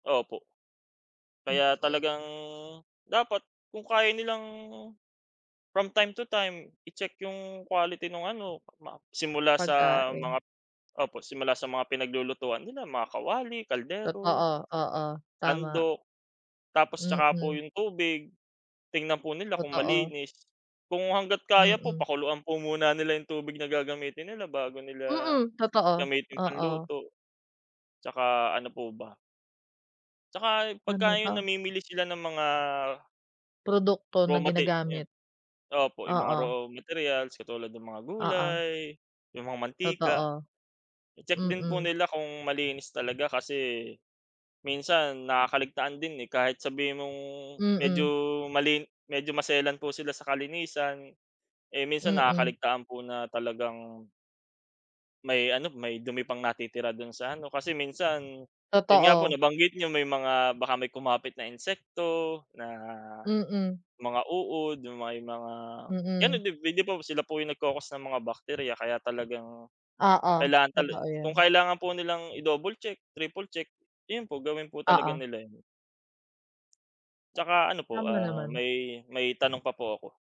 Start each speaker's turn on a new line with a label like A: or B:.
A: Opo. Kaya
B: Mm.
A: talagang dapat kung kaya nilang, from time to time i-check yung quality nung ano ma simula sa
B: Pagkain.
A: mga opo, simula sa mga pinaglulutuan nila mga kawali, kaldero,
B: Totoo, oo tama.
A: sandok. Tapos 'tsaka po
B: Mm.
A: yung tubig tignan po nila kung
B: Totoo.
A: malinis kung hangga't kaya po
B: Mm.
A: pakuluan po muna nila yung tubig na gagamitin nila bago nila
B: Mm, totoo,
A: gamitin pang
B: oo.
A: luto. 'Tsaka ano po ba? 'Tsaka
B: Ano
A: pagka yung
B: 'to?
A: namimili sila ng mga
B: Produkto
A: raw
B: na
A: mate ayun,
B: ginagamit.
A: opo yung mga
B: Oo.
A: raw materials katulad ng mga
B: Oo.
A: gulay, yung mga mantika.
B: Totoo.
A: I-check din po
B: Mm.
A: nila kung malinis talaga kasi minsan nakakaligtaan din eh kahit sabihin mong medyo,
B: Mm.
A: malin medyo maselan po sila sa kalinisan, eh, minsan
B: Mm.
A: nakakaligtaan po na talagang may ano, may dumi pang natitira do'n sa ano kasi minsan yun nga po
B: Totoo.
A: nabanggit niyo may mga baka may kumapit na insekto na,
B: Mm.
A: mga uod yung may mga
B: Mm.
A: [unintelligible] sila po yung nagko-cause ng mga bacteria kaya talagang,
B: Oo,
A: kailangan talen
B: totoo
A: kung
B: yun.
A: kailangan po nilang i-double check, triple check iyon po gawin po talaga
B: Oo.
A: nila yun. 'Tsaka ano po,
B: Tama
A: ah,
B: naman.
A: may, may tanong pa po ako.